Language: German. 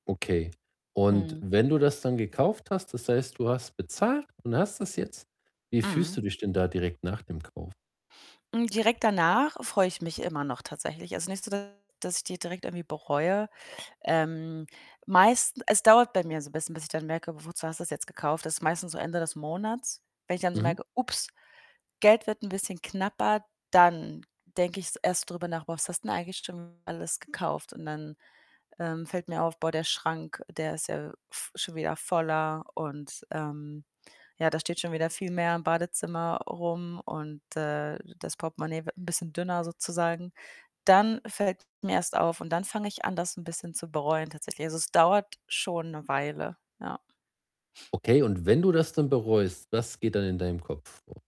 Okay, und Mhm. wenn du das dann gekauft hast, das heißt, du hast bezahlt und hast das jetzt, wie fühlst Mhm. du dich denn da direkt nach dem Kauf? Hm, direkt danach freue ich mich immer noch tatsächlich. Also, nicht so, dass dass ich die direkt irgendwie bereue. Ähm, meisten es dauert bei mir so 'n bisschen, bis ich dann merke: „W wozu hast du's jetzt gekauft?“ Das ist meistens so Ende des Monats, wenn ich dann so Mhm. merke: „Ups, Geld wird 'n bisschen knapper.“ Dann denke ich's erst drüber nach: „Boah, was hast denn eigentlich schon alles gekauft?“ Und dann, ähm, fällt mir auf: „Boah, der Schrank, der ist ja v schon wieder voller und, ähm, ja, da steht schon wieder viel mehr im Badezimmer rum und, äh, das Portemonnaie wird 'n bisschen dünner, sozusagen.“ Dann fällt [unintelligible] mir erst auf und dann fange ich an, das 'n bisschen zu bereuen tatsächlich. Also, es dauert schon 'ne Weile, ja. Okay, und wenn du das dann bereust, was geht dann in deinem Kopf vor?